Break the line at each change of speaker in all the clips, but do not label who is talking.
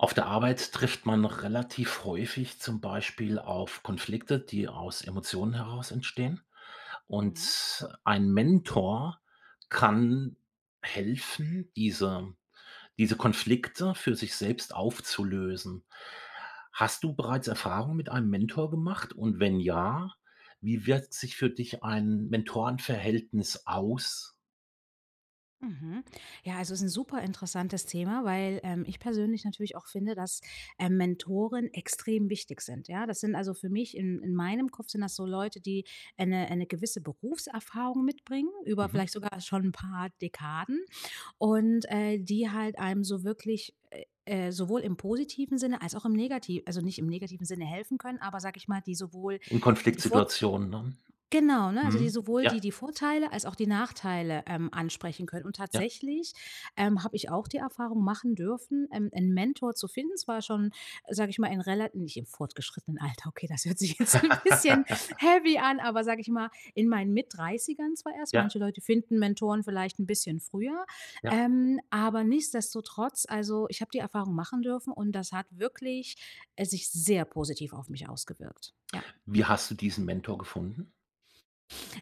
Auf der Arbeit trifft man relativ häufig zum Beispiel auf Konflikte, die aus Emotionen heraus entstehen.
Mhm.
Und ein Mentor kann helfen, diese diese Konflikte für sich selbst aufzulösen. Hast du bereits Erfahrung mit einem Mentor gemacht und wenn ja, wie wirkt sich für dich ein Mentoren-Verhältnis aus?
Mhm. Ja, also ist 'n super interessantes Thema, weil, ähm, ich persönlich natürlich auch finde, dass, ähm, Mentoren extrem wichtig sind, ja? Das sind also für mich in in meinem Kopf sind das so Leute, die, äh, 'ne äh, 'ne gewisse Berufserfahrung mitbringen über
Mhm.
vielleicht sogar schon 'n paar Dekaden und, äh, die halt einem so wirklich, äh, äh, sowohl im positiven Sinne als auch im negati also nicht im negativen Sinne helfen können, aber sage ich mal, die sowohl
In
die vor
Konfliktsituationen, ne?
genau, ne, also die
Mhm,
sowohl
ja.
die die Vorteile als auch die Nachteile, ähm, ansprechen können. Und
Ja.
tatsächlich, ähm, habe ich auch die Erfahrung machen dürfen, ähm, 'n Mentor zu finden. Zwar schon, sage ich mal, in rela nicht im fortgeschrittenen Alter. Okay, das hört sich jetzt n' bisschen heavy an, aber sage ich mal, in meinen Mitt-30ern zwar erst.
Ja.
Manche Leute finden Mentoren vielleicht 'n bisschen früher.
Ja.
Ähm, aber nichtsdestotrotz, also ich habe die Erfahrung machen dürfen und das hat wirklich, äh, sich sehr positiv auf mich ausgewirkt. Ja.
Wie hast du diesen Mentor gefunden?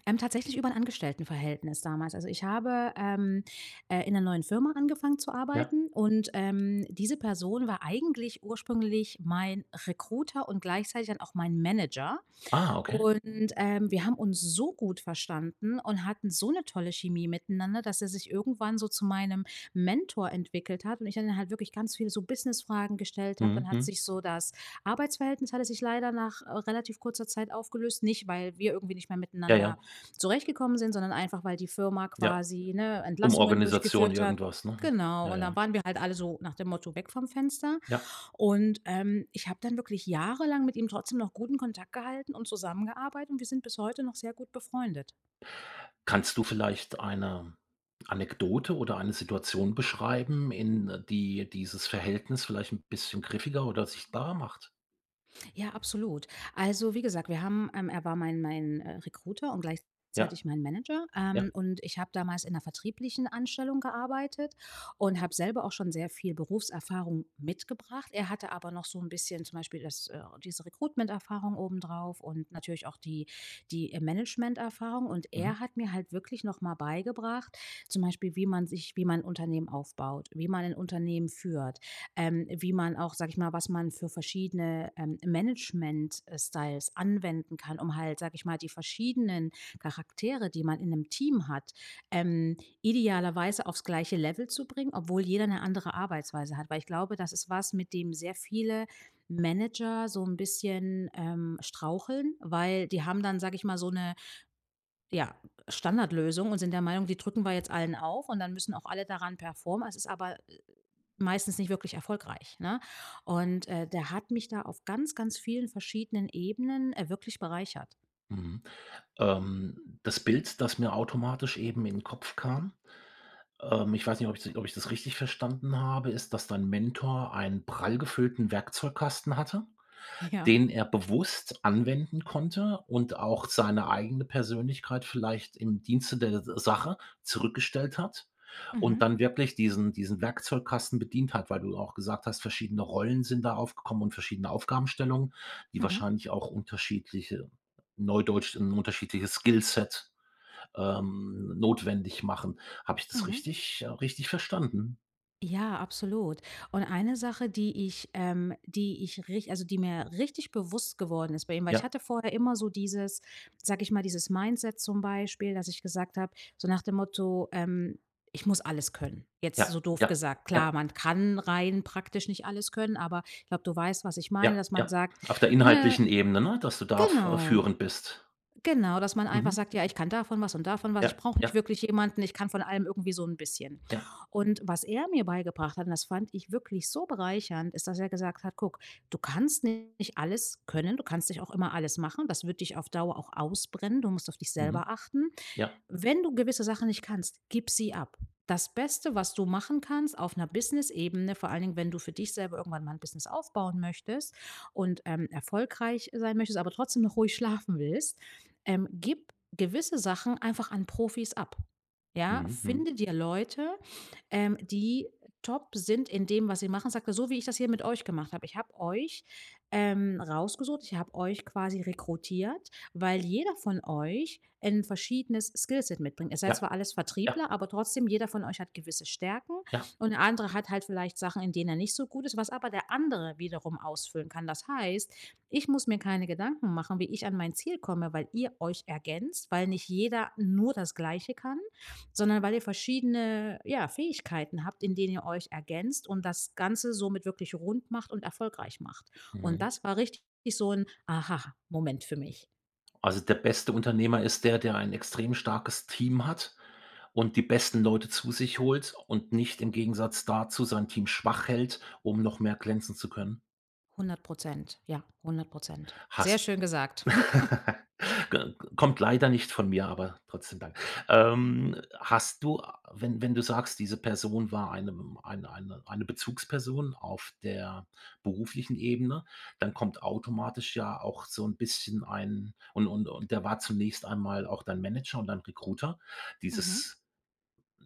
Ähm, tatsächlich über 'n Angestelltenverhältnis damals. Also, ich habe, ähm, äh, in 'ner neuen Firma angefangen zu
Ja.
arbeiten und, ähm, diese Person war eigentlich ursprünglich mein Recruiter und gleichzeitig dann auch mein Manager.
Ah, okay.
Und, ähm, wir haben uns so gut verstanden und hatten so 'ne tolle Chemie miteinander, dass er sich irgendwann so zu meinem Mentor entwickelt hat und ich dann halt wirklich ganz viele so Business-Fragen gestellt habe. Dann
Mhm,
hat
mhm.
sich so das Arbeitsverhältnis hatte sich leider nach, äh, relativ kurzer Zeit aufgelöst. Nicht, weil wir irgendwie nicht mehr
Ja,
miteinander
ja.
zurechtgekommen sind, sondern einfach, weil die Firma
Ja.
quasi, ne, Entlassungen
Umorganisation
durchgeführt hat.
irgendwas, ne?
Genau,
Ja,
und dann
ja.
waren wir halt alle so nach dem Motto: „Weg vom Fenster.“
Ja.
Und, ähm, ich habe dann wirklich jahrelang mit ihm trotzdem noch guten Kontakt gehalten und zusammengearbeitet und wir sind bis heute noch sehr gut befreundet.
Kannst du vielleicht eine Anekdote oder eine Situation beschreiben in, äh die dieses Verhältnis vielleicht 'n bisschen griffiger oder sichtbarer macht?
Ja, absolut. Also wie gesagt, wir haben ähm, er war mein mein, äh, Recruiter und
Ja,
gleichzeitig mein Manager,
ja.
ähm, und ich habe damals in 'ner vertrieblichen Anstellung gearbeitet und habe selber auch schon sehr viel Berufserfahrung mitgebracht. Er hatte aber noch so 'n bisschen, zum Beispiel das äh, diese Recruitment-Erfahrung obendrauf und natürlich auch die die, äh, Management-Erfahrung. Und
Mhm.
er hat mir halt wirklich noch mal beigebracht, zum Beispiel wie man sich wie man 'n Unternehmen aufbaut. Wie man 'n Unternehmen führt. Ähm, wie man auch sage ich mal, was man für verschiedene, ähm, Management äh, Styles anwenden kann, um halt, sage ich mal, die verschiedenen Charaktere, die man in 'nem Team hat, ähm, idealerweise aufs gleiche Level zu bringen, obwohl jeder 'ne andere Arbeitsweise hat. Weil ich glaube, das ist was, mit dem sehr viele Manager so 'n bisschen, ähm, straucheln, weil die haben dann, sage ich mal, so 'ne, ja, Standardlösung und sind der Meinung, die drücken wir jetzt allen auf, und dann müssen auch alle daran performen. Es ist aber, äh, meistens nicht wirklich erfolgreich, ne? Und, äh, der hat mich da auf ganz, ganz vielen verschiedenen Ebenen, äh, wirklich bereichert.
Mhm. Ähm, das Bild, das mir automatisch eben in 'n Kopf kam, ähm, ich weiß nicht, ob ich zu ob ich das richtig verstanden habe, ist, dass dein Mentor einen prall gefüllten Werkzeugkasten hatte,
Ja.
den er bewusst anwenden konnte und auch seine eigene Persönlichkeit vielleicht im Dienste der S Sache zurückgestellt hat und
Mhm.
dann wirklich diesen diesen Werkzeugkasten bedient hat, weil du auch gesagt hast, verschiedene Rollen sind da aufgekommen und verschiedene Aufgabenstellungen, die
Mhm.
wahrscheinlich auch unterschiedliche neudeutsch 'n unterschiedliches Skillset, ähm, notwendig machen, habe ich das
Mhm.
richtig äh, richtig verstanden?
Ja, absolut. Und eine Sache, die ich, ähm, die ich rich also die mir richtig bewusst geworden ist bei ihm, weil ich
Ja.
hatte vorher immer so dieses sage ich mal, dieses Mindset zum Beispiel, dass ich gesagt hab, so nach dem Motto, ähm: „Ich muss alles können.“ Jetzt so
Ja,
doof
ja,
gesagt,
ja.
klar, man kann rein praktisch nicht alles können, aber ich glaub, du weißt, was ich meine,
Ja
dass man
ja,
sagt,
auf der
ne
inhaltlichen Ebene ne? Dass du da f
genau,
führend bist.
genau, dass man einfach
Mhm.
sagt, ja: „Ich kann davon was und davon was. Ich
Ja,
brauche nicht
ja.
wirklich jemanden. Ich kann von allem irgendwie so 'n bisschen.“
Ja.
Und was er mir beigebracht hat und das fand ich wirklich so bereichernd, ist, dass er gesagt hat: „Guck, du kannst nicht alles können. Du kannst nicht auch immer alles machen. Das wird dich auf Dauer auch ausbrennen. Du musst auf dich selber
Mhm.
achten.
Ja.
Wenn du gewisse Sachen nicht kannst, gib sie ab. Das Beste, was du machen kannst auf 'ner Businessebene, vor allen Dingen, wenn du für dich selber irgendwann mal 'n Business aufbauen möchtest und, ähm, erfolgreich sein möchtest, aber trotzdem noch ruhig schlafen willst, ähm, gib gewisse Sachen einfach an Profis ab, ja?
Mhm, mhm.
Finde dir Leute, ähm, die top sind in dem, was sie machen.“ Sagt er: „So wie ich das hier mit euch gemacht hab, ich hab euch, ähm, rausgesucht, ich hab euch quasi rekrutiert, weil jeder von euch 'n verschiedenes Skillset mitbringt. Ihr seid ja
Ja.
zwar alles
Ja.
Vertriebler, aber trotzdem, jeder von euch hat gewisse Stärken
Ja.
und der andere hat halt vielleicht Sachen, in denen er nicht so gut ist, was aber der andere wiederum ausfüllen kann. Das heißt, ich muss mir keine Gedanken machen, wie ich an mein Ziel komme, weil ihr euch ergänzt, weil nicht jeder nur das Gleiche kann, sondern weil ihr verschiedene, ja, Fähigkeiten habt, in denen ihr euch ergänzt und das Ganze somit wirklich rund macht und erfolgreich macht.“ Und
Mhm.
das war richtig so 'n Aha-Moment für mich.
Also der beste Unternehmer ist der, der einen extrem starkes Team hat und die besten Leute zu sich holt und nicht im Gegensatz dazu sein Team schwach hält, um noch mehr glänzen zu können.
100 %. ja, 100 %. Sehr
Hast
schön gesagt.
[unintelligible] Kommt leider nicht von mir, aber trotzdem danke. Ähm, hast du, wenn wenn du sagst, diese Person war eine ein eine eine Bezugsperson auf der beruflichen Ebene, dann kommt automatisch ja auch so 'n bisschen ein und und und der war zunächst einmal auch dein Manager und dein Recruiter.
Mhm.
Dieses,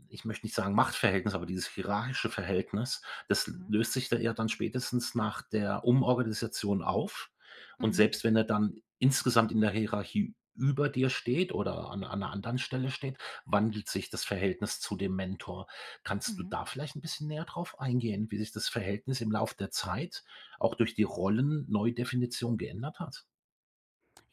ich möchte nicht sagen Machtverhältnis, aber dieses hierarchische Verhältnis, das
Mhm.
löst sich da eher dann spätestens nach der Umorganisation auf. Und
Mhm.
selbst wenn er dann insgesamt in der Hierarchie über dir steht oder an an 'ner anderen Stelle steht, wandelt sich das Verhältnis zu dem Mentor. Kannst du
Mhm.
da vielleicht 'n bisschen näher drauf eingehen, wie sich das Verhältnis im Lauf der Zeit auch durch die Rollen-Neudefinition geändert hat?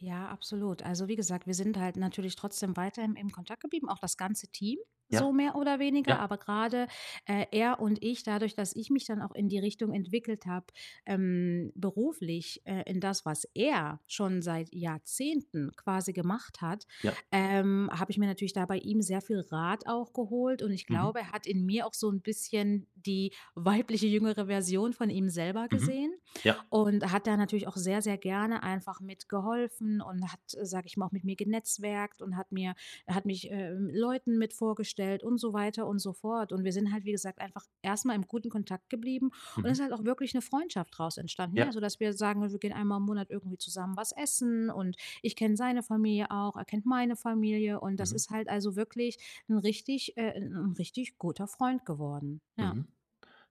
Ja, absolut. Also wie gesagt, wir sind halt natürlich trotzdem weiterhin im Kontakt geblieben, auch das ganze Team so
Ja.
mehr oder weniger,
Ja.
aber grade, äh, er und ich, dadurch, dass ich mich dann auch in die Richtung entwickelt habe, ähm, beruflich, äh, in das, was er schon seit Jahrzehnten quasi gemacht hat,
Ja.
ähm, habe ich mir natürlich da bei ihm sehr viel Rat auch geholt. Und ich
Mhm.
glaube, er hat in mir auch so 'n bisschen die weibliche, jüngere Version von ihm selber
Mhm.
gesehen
Ja.
und hat da natürlich auch sehr, sehr gerne einfach mitgeholfen und hat, sage ich mal, auch mit mir genetzwerkt und hat mir er hat mich, äh, Leuten mit vorgestellt und so weiter und so fort. Und wir sind halt, wie gesagt, einfach erst mal im guten Kontakt geblieben und ist
Mhm.
halt auch wirklich 'ne Freundschaft draus entstanden, ja?
Ja.
Sodass wir sagen, ne: „Wir gehen einmal im Monat irgendwie zusammen was essen." Und ich kenne seine Familie auch, er kennt meine Familie und das
Mhm.
ist halt also wirklich 'n richtig äh, 'n 'n richtig guter Freund geworden, ja.
Mhm.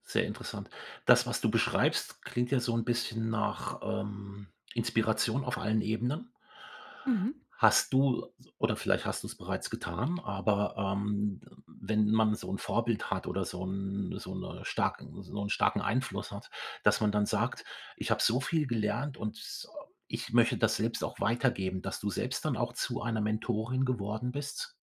Sehr interessant. Das, was du beschreibst, klingt ja so 'n bisschen nach, ähm, Inspiration auf allen Ebenen.
Mhm.
Hast du oder vielleicht hast du's bereits getan, aber, ähm, wenn man so 'n Vorbild hat oder so 'n so 'ne stark so 'n starken Einfluss hat, dass man dann sagt: „Ich habe so viel gelernt und ich möchte das selbst auch weitergeben.“, dass du selbst dann auch zu einer Mentorin geworden bist?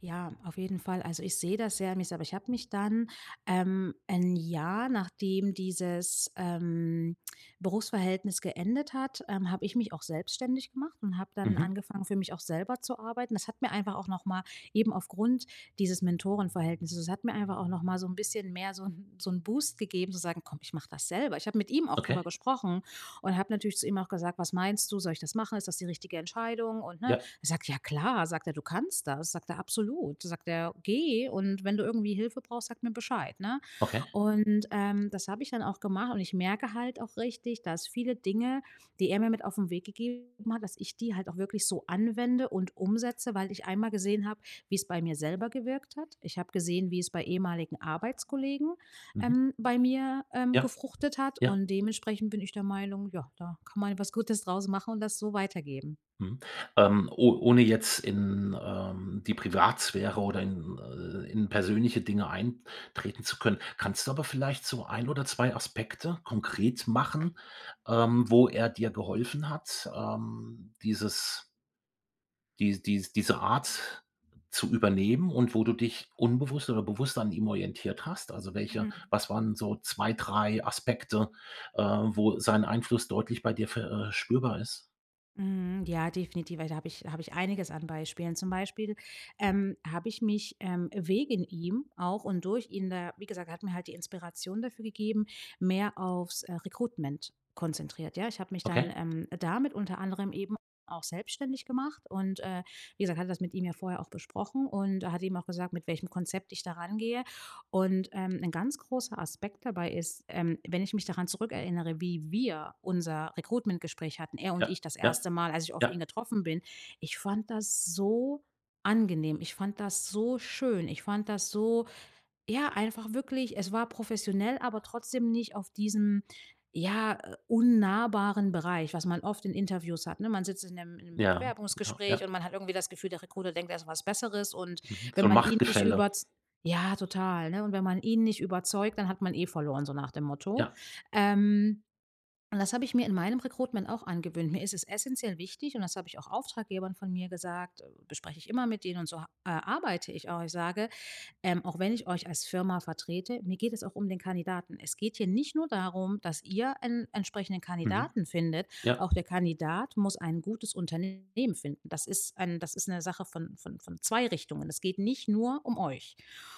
Ja, auf jeden Fall. Also, ich sehe das sehr an mir selber. Ich habe mich dann ähm, 1 Jahr, nachdem dieses, ähm, Berufsverhältnis geendet hat, ähm, habe ich mich auch selbstständig gemacht und habe dann
Mhm.
angefangen, für mich auch selber zu arbeiten. Das hat mir einfach auch noch mal eben aufgrund dieses Mentoren-Verhältnisses es hat mir einfach auch noch mal so 'n bisschen mehr so 'n so 'n Boost gegeben zu sagen: „Komm, ich mache das selber.“ Ich habe mit ihm auch darüber
Okay.
gesprochen und habe natürlich zu ihm auch gesagt: „Was meinst du? Soll ich das machen? Ist das die richtige Entscheidung?“ Und ne,
Ja.
er sagt: „Ja klar“, sagt er. „Du kannst das“, sagt er. „Absolut“, sagt er, „geh und wenn du irgendwie Hilfe brauchst, sag mir Bescheid, ne?“
Okay.
Und, ähm, das habe ich dann auch gemacht und ich merke halt auch richtig, dass viele Dinge, die er mir mit auf 'n Weg gegeben hat, dass ich die halt auch wirklich so anwende und umsetze, weil ich einmal gesehen habe, wie's bei mir selber gewirkt hat. Ich habe gesehen, wie's bei ehemaligen Arbeitskollegen,
Mhm.
ähm, bei mir, ähm,
Ja,
gefruchtet hat
ja.
und dementsprechend bin ich der Meinung: Ja, da kann man halt was Gutes draus machen und das so weitergeben.
Mhm. Ähm, o ohne jetzt in, ähm, die Privatsphäre oder in äh, in persönliche Dinge eintreten zu können, kannst du aber vielleicht so 1 oder 2 Aspekte konkret machen, ähm, wo er dir geholfen hat, ähm, dieses die dies diese Art zu übernehmen und wo du dich unbewusst oder bewusst an ihm orientiert hast? Also welche
Mhm.
was waren so 2, 3 Aspekte, äh, wo sein Einfluss deutlich bei dir ver äh, spürbar ist?
Mhm. Ja, definitiv, weil da habe ich habe ich einiges an Beispielen. Zum Beispiel, ähm, habe ich mich, ähm, wegen ihm auch und durch ihn da wie gesagt, er hat mir halt die Inspiration dafür gegeben, mehr aufs, äh, Recruitment konzentriert, ja? Ich habe mich dann,
Okay.
ähm, damit unter anderem eben auch selbstständig gemacht und, äh, wie gesagt, habe das mit ihm ja vorher auch besprochen und er hat eben auch gesagt, mit welchem Konzept ich da rangehe. Und, ähm, 'n ganz großer Aspekt dabei ist, ähm, wenn ich mich daran zurückerinnere, wie wir unser Recruitment-Gespräch hatten, er und
Ja,
ich das
ja,
1. Mal, als ich auf ihn
ja.
getroffen bin, ich fand das so angenehm. Ich fand das so schön. Ich fand das so ja, einfach wirklich, es war professionell, aber trotzdem nicht auf diesem, ja, äh, unnahbaren Bereich, was man oft in Interviews hat, ne? Man sitzt in 'nem im
Ja, ja,
Bewerbungsgespräch
ja.
und man hat irgendwie das Gefühl, der Recruiter denkt, er ist was Besseres und
Mhm. So
wenn
'n
man ihn nicht
Machtgefälle.
überz ja, total, ne? Und wenn man ihn nicht überzeugt, dann hat man eh verloren, so nach dem Motto.
Ja.
Ähm. Und das habe ich mir in meinem Recruitment auch angewöhnt. Mir ist es essenziell wichtig und das habe ich auch Auftraggebern von mir gesagt, bespreche ich immer mit denen und so ha äh, arbeite ich auch. Ich sage: „Ähm, auch wenn ich euch als Firma vertrete, mir geht es auch um den Kandidaten. Es geht hier nicht nur darum, dass ihr einen entsprechenden
Mhm.
Kandidaten findet,
Ja.
auch der Kandidat muss ein gutes Unternehmen finden. Das ist ein das ist 'ne Sache von von von 2 Richtungen. Es geht nicht nur um euch.“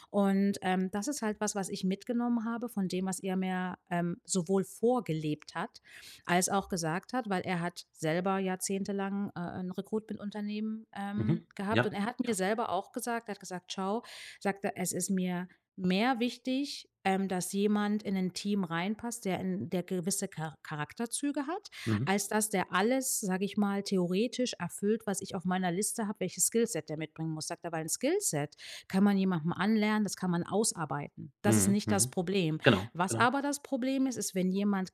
Und, ähm, das ist halt was, was ich mitgenommen habe von dem, was er mir, ähm, sowohl vorgelebt hat, als auch gesagt hat, weil er hat selber jahrzehntelang, äh, 'n Recruitment-Unternehmen, ähm,
Mhm.
gehabt. Und
Ja,
er hat mir
ja.
selber auch gesagt, er hat gesagt: „Schau“, sagt er, „es ist mir mehr wichtig, ähm, dass jemand in 'nen Team reinpasst, der in der gewisse Char Charakterzüge hat,
Mhm.
als dass der alles, sage ich mal, theoretisch erfüllt, was ich auf meiner Liste habe, welches Skillset der mitbringen muss“, sagt er, weil 'n Skillset kann man jemanden anlernen, das kann man ausarbeiten. Das ist
Mhm,
nicht das
mhm.
Problem.
Genau,
Was
genau.
aber das Problem ist, ist, wenn jemand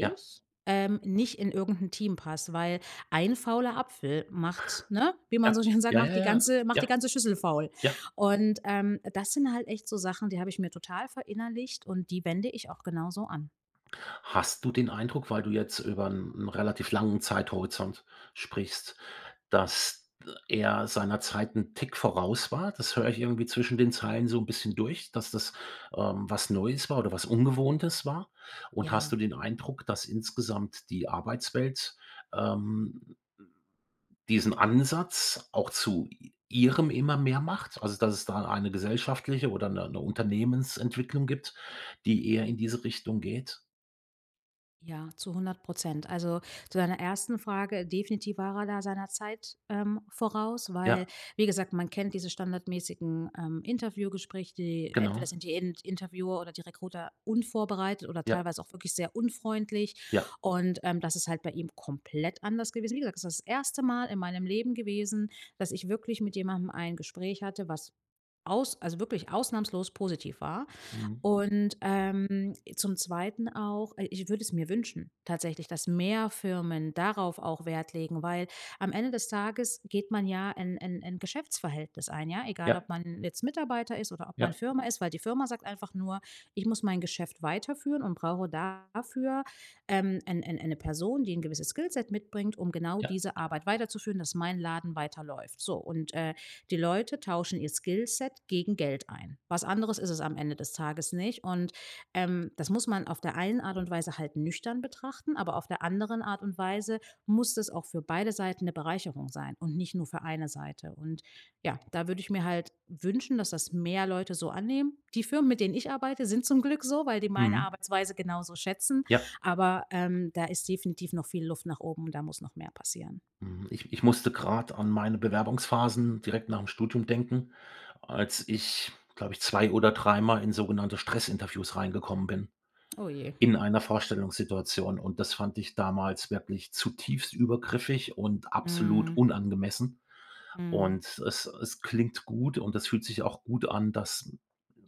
Ja.
ähm, nicht in irgend 'n Team passt, weil 1 fauler Apfel macht, ne, wie man
Ja.
so schön sagt,
Ja,
macht
ja,
die
ja.
ganze macht
Ja.
die ganze Schüssel faul.
Ja.
Und, ähm, das sind halt echt so Sachen, die habe ich mir total verinnerlicht und die wende ich auch genauso an.
Hast du den Eindruck, weil du jetzt über 'n 'n relativ langen Zeithorizont sprichst, dass ä er seiner Zeit 'n Tick voraus war? Das höre ich irgendwie zwischen den Zeilen so 'n bisschen durch, dass das, ähm, was Neues war oder was Ungewohntes war? Und hast
Ja,
du den
ja.
Eindruck, dass insgesamt die Arbeitswelt, ähm, m diesen Ansatz auch zu i ihrem immer mehr macht? Also, dass es da eine gesellschaftliche oder 'ne 'ne Unternehmensentwicklung gibt, die eher in diese Richtung geht?
Ja, zu 100 %. Also, zu deiner 1. Frage, definitiv war er da seiner Zeit, ähm, voraus, weil
Ja.
wie gesagt, man kennt diese standardmäßigen, ähm, Interviewgespräche, die entweder
Genau.
sind die Int Interviewer oder die Recruiter unvorbereitet oder
Ja.
teilweise auch wirklich sehr unfreundlich.
Ja.
Und, ähm, das ist halt bei ihm komplett anders gewesen. Wie gesagt, das ist das 1. Mal in meinem Leben gewesen, dass ich wirklich mit jemandem ein Gespräch hatte, was aus also wirklich ausnahmslos positiv war.
Mhm.
Und, ähm, zum 2. auch, äh ich würde es mir wünschen tatsächlich, dass mehr Firmen darauf auch Wert legen, weil am Ende des Tages geht man ja ein ein ein Geschäftsverhältnis ein, ja? Egal,
Ja.
ob man jetzt Mitarbeiter ist oder ob man
Ja.
Firma ist, weil die Firma sagt einfach nur: „Ich muss mein Geschäft weiterführen und brauche dafür, ähm, ein ein eine Person, die 'n gewisses Skillset mitbringt, um genau
Ja.
diese Arbeit weiterzuführen, dass mein Laden weiterläuft.“ So und, äh, die Leute tauschen ihr Skillset gegen Geld ein. Was anderes ist es am Ende des Tages nicht und, ähm, das muss man auf der einen Art und Weise halt nüchtern betrachten, aber auf der anderen Art und Weise muss das auch für beide Seiten 'ne Bereicherung sein und nicht nur für eine Seite. Und ja, da würde ich mir halt wünschen, dass das mehr Leute so annehmen. Die Firmen, mit denen ich arbeite, sind zum Glück so, weil die meine
Mhm.
Arbeitsweise genauso schätzen,
Ja.
aber, ähm, da ist definitiv noch viel Luft nach oben, da muss noch mehr passieren.
Mhm. Ich ich musste grad an meine Bewerbungsphasen direkt nach 'm Studium denken, als ich, glaube ich, 2 oder 3 Mal in sogenannte Stressinterviews reingekommen bin
Ohje.
in einer Vorstellungssituation. Und das fand ich damals wirklich zutiefst übergriffig und absolut
Mhm.
unangemessen.
Mhm.
Und es es klingt gut und es fühlt sich auch gut an, dass,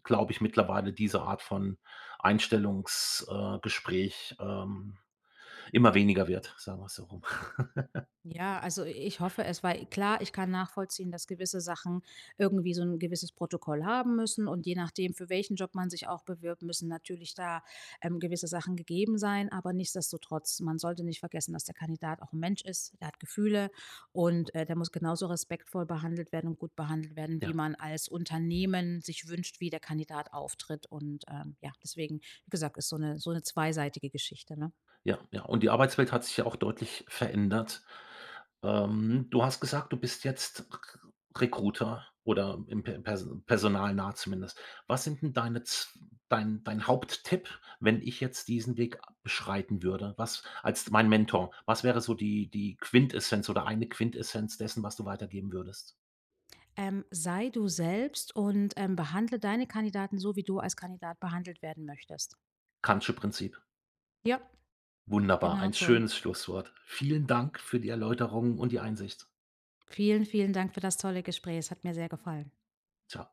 glaube ich, mittlerweile diese Art von Einstellungs äh, Gespräch, ähm, immer weniger wird, sagen wir's so rum.
Ja, also i ich hoffe es, weil klar, ich kann nachvollziehen, dass gewisse Sachen irgendwie so 'n gewisses Protokoll haben müssen und je nachdem, für welchen Job man sich auch bewirbt, müssen natürlich da, ähm, gewisse Sachen gegeben sein. Aber nichtsdestotrotz, man sollte nicht vergessen, dass der Kandidat auch 'n Mensch ist. Der hat Gefühle und, äh, der muss genauso respektvoll behandelt werden und gut behandelt werden, wie
Ja.
man als Unternehmen sich wünscht, wie der Kandidat auftritt. Und, ähm, ja, deswegen, wie gesagt, ist so 'ne so 'ne zweiseitige Geschichte, ne?
Ja, ja. Und die Arbeitswelt hat sich ja auch deutlich verändert. Ähm, du hast gesagt, du bist jetzt Kr Recruiter oder im per perso personalnah zumindest. Was sind denn deine z dein dein Haupttipp, wenn ich jetzt diesen Weg beschreiten würde? Was als mein Mentor, was wäre so die die Quintessenz oder eine Quintessenz dessen, was du weitergeben würdest?
Ähm, sei du selbst und, ähm, behandle deine Kandidaten so, wie du als Kandidat behandelt werden möchtest.
Kant'sche Prinzip.
Ja,
Wunderbar,
genau
ein
so.
schönes Schlusswort. Vielen Dank für die Erläuterungen und die Einsicht.
Vielen, vielen Dank für das tolle Gespräch. Es hat mir sehr gefallen.
Tschau.